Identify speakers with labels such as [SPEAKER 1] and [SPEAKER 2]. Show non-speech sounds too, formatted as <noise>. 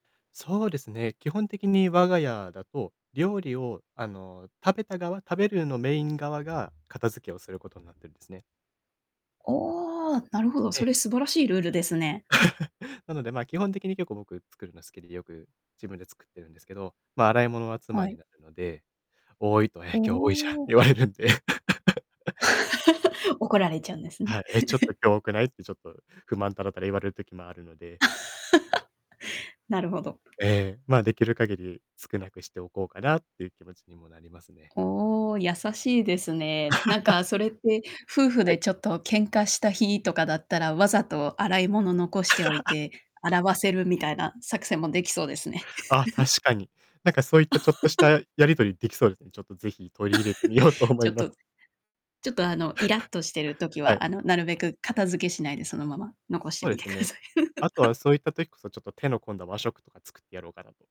[SPEAKER 1] そうですね、基本的に我が家だと、料理を、あの、食べた側食べるのメイン側が、片付けをすることになってるんですね。
[SPEAKER 2] おお、なるほど、
[SPEAKER 1] ええ。
[SPEAKER 2] それ素晴らしいルールですね。
[SPEAKER 1] <laughs> なので、ま、基本的に結構僕作るの好きで、よく自分で作ってるんですけど。ま、洗い物は妻
[SPEAKER 2] は
[SPEAKER 1] に
[SPEAKER 2] い。
[SPEAKER 1] なるので、多いと、
[SPEAKER 2] お
[SPEAKER 1] 「え、今日多いじゃん」って
[SPEAKER 2] お。
[SPEAKER 1] 言われるんで。<laughs>
[SPEAKER 2] <laughs> 怒られちゃうんですね。
[SPEAKER 1] はい、「え、ちょっと
[SPEAKER 2] <chuckles>
[SPEAKER 1] 今日多くない」って、ちょっと不満たらたら言われる時もあるので。
[SPEAKER 2] <laughs> なるほど。
[SPEAKER 1] ええ、ま、出来る限り少なくしておこうかなっていう気持ちにもなりますね。
[SPEAKER 2] おお、優しいですね。なん
[SPEAKER 1] <laughs>
[SPEAKER 2] かそれって、夫婦
[SPEAKER 1] はい。
[SPEAKER 2] でちょっと喧嘩した日とかだったら、わざと洗い物残しておい
[SPEAKER 1] <laughs>
[SPEAKER 2] て、洗わせるみたいな作戦も出来そうですね。
[SPEAKER 1] あ、確
[SPEAKER 2] <laughs>
[SPEAKER 1] かに。なんかそういったちょっとした
[SPEAKER 2] <laughs>
[SPEAKER 1] やり取り出来そうですね。ちょっとぜひ取り入れてみようと
[SPEAKER 2] <laughs>
[SPEAKER 1] 思
[SPEAKER 2] ち
[SPEAKER 1] い
[SPEAKER 2] ょっ
[SPEAKER 1] ます。
[SPEAKER 2] と、ちょっとあのイラっとしてる時
[SPEAKER 1] <laughs> はい。
[SPEAKER 2] は、あの、なるべく片付けしないでそのまま残して
[SPEAKER 1] そう
[SPEAKER 2] み
[SPEAKER 1] で
[SPEAKER 2] て
[SPEAKER 1] す
[SPEAKER 2] くだ
[SPEAKER 1] ね。
[SPEAKER 2] さい。
[SPEAKER 1] あと
[SPEAKER 2] <laughs>
[SPEAKER 1] はそういった時こそ、ちょっと手の込んだは和食とか作ってやろうかなと